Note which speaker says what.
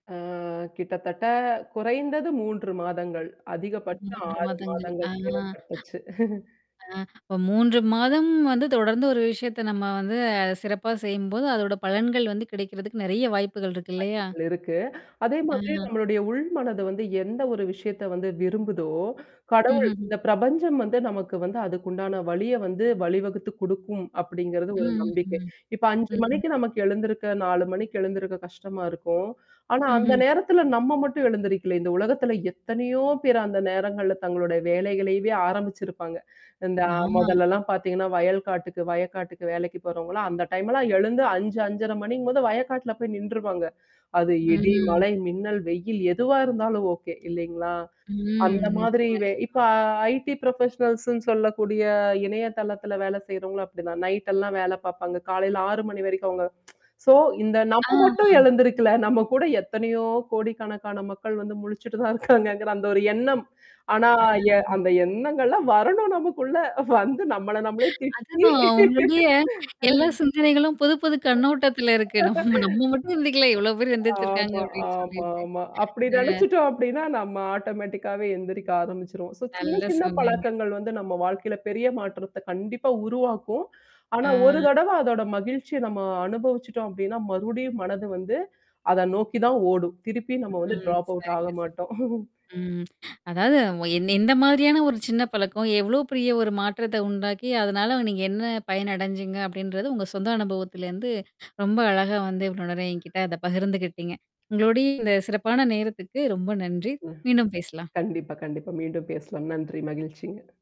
Speaker 1: ஆ. கிட்டத்தட்ட குறைந்தது 3 மாதங்கள் அதிகபட்சம்
Speaker 2: 3
Speaker 1: 6
Speaker 2: மாதங்கள். ஆ,
Speaker 1: மாதங்கள் தேவைப்பட்டுச்சு.
Speaker 2: ஆ, இப்ப 3 மாதம் வந்து தொடர்ந்து ஒரு விஷயத்தை நம்ம வந்து சிறப்பா செய்யும்போது, அதோட பலன்கள் வந்து கிடைக்கிறதுக்கு நிறைய வாய்ப்புகள் இருக்கு இல்லையா?
Speaker 1: ஆற்றல் இருக்கு, அதே
Speaker 2: ஆ.
Speaker 1: மாதிரி நம்முடைய உள் மனது வந்து எந்த ஒரு விஷயத்த வந்து விரும்புதோ, கடவுள்
Speaker 2: ம்ஹ்ம்ஹ்ம்.
Speaker 1: இந்த பிரபஞ்சம் வந்து நமக்கு வந்து அதுக்குண்டான வழியை வந்து வழிவகுத்து குடுக்கும் அப்படிங்கறது ஒரு
Speaker 2: ம்.
Speaker 1: நம்பிக்கை.
Speaker 2: ம்,
Speaker 1: இப்ப 5 மணிக்கு
Speaker 2: ம்.
Speaker 1: நமக்கு எழுந்திருக்க, 4 மணிக்கு எழுந்திருக்க கஷ்டமா இருக்கும். ஆனா அந்த
Speaker 2: ம்ஹ்ம்.
Speaker 1: நேரத்துல நம்ம மட்டும் எழுந்திரிக்கல இந்த உலகத்துல எத்தனையோ பேரு அந்த நேரங்கள்ல தங்களுடைய வேலைகளையே ஆரம்பிச்சிருப்பாங்க. இந்த
Speaker 2: ஆமா.
Speaker 1: முதல்லலாம் பாத்தீங்கன்னா வயல் காட்டுக்கு வயக்காட்டுக்கு வேலைக்கு போறவங்களா அந்த டைம்லாம் எழுந்து 5 5:30 மணிங்கும்போது வயக்காட்டுல போய் நின்றுவாங்க. அது இடி,
Speaker 2: ம்.
Speaker 1: மழை, மின்னல், வெயில் எதுவா இருந்தாலும் ஓகே இல்லைங்களா?
Speaker 2: ம்.
Speaker 1: அந்த மாதிரி
Speaker 2: நிச்சயமா,
Speaker 1: இப்ப
Speaker 2: நிச்சயமா.
Speaker 1: ஐடி புரொபஷனல்ஸ்ன்னு சொல்லக்கூடிய இணையதளத்துல வேலை செய்றவங்களும் அப்படி தான் நைட் எல்லாம் வேலை பாப்பாங்க, காலையில 6 மணி வரைக்கும் அவங்க. சோ இந்த நம்ம மட்டும்
Speaker 2: ஆமா!
Speaker 1: எழுந்திருக்கல, நம்ம கூட எத்தனையோ கோடிக்கணக்கான மக்கள் வந்து முழிச்சுட்டு தான் இருக்காங்கங்கற அந்த ஒரு எண்ணம். ஆனா
Speaker 2: அஹ்ம்.
Speaker 1: அந்த எண்ணங்கள்லாம் வரணும் நமக்குள்ள வந்து நம்மள நாமே திட்டி,
Speaker 2: அதுதான், உங்களுடைய எல்லா சிந்தனைகளும் புது, புது கண்ணோட்டத்துல இருக்கு நம்ம நம்ம மட்டும் சிந்திக்கல இவ்வளவு பேர் சிந்திச்சிருக்காங்க,
Speaker 1: ஆமா,
Speaker 2: அப்படின்னு சொல்லிட்டு.
Speaker 1: ஆமாமா. அப்படி
Speaker 2: அஹ்!
Speaker 1: நினச்சுட்டோம் அப்டின்னா, நம்ம ஆட்டோமேட்டிக்காவே எந்திரிக்க ஆரம்பிச்சுருவோம். சோ சின்ன
Speaker 2: நல்ல
Speaker 1: சின்ன
Speaker 2: சொன்னீங்க.
Speaker 1: பழக்கங்கள் வந்து நம்ம வாழ்க்கையில பெரிய மாற்றத்த கண்டிப்பா உருவாக்கும். ஆனா ஒரு
Speaker 2: ஆ.
Speaker 1: தடவ அதோட மகிழ்ச்சிய நம்ம அனுபவிச்சுட்டோம் அப்படின்னா, மறுடியும் மனது வந்து அத நோக்கி தான் ஓடும். திருப்பியும் நம்ம வந்து
Speaker 2: ம்.
Speaker 1: டிராப் அவுட் ஆக
Speaker 2: சரியா சொன்னீங்க.
Speaker 1: மாட்டோம்.
Speaker 2: ம். அதாவது எந்த மாதிரியான ஒரு சின்ன பழக்கம் எவ்ளோ பெரிய ஒரு மாற்றத்தை உண்டாக்கி, அதனால நீங்க என்ன பயன் அடைஞ்சீங்க அப்படின்றத உங்க சொந்த அனுபவத்துல இருந்து ரொம்ப அழகா வந்து இவ்வளவு நேரம் என்கிட்ட அத பகிர்ந்துக்கிட்டீங்க. உங்களுடைய இந்த சிறப்பான நேரத்துக்கு ரொம்ப நன்றி,
Speaker 1: ம்.
Speaker 2: மீண்டும் பேசலாம்.
Speaker 1: கண்டிப்பா, கண்டிப்பா. மீண்டும் பேசலாம். நன்றி மகிழ்ச்சிங்க.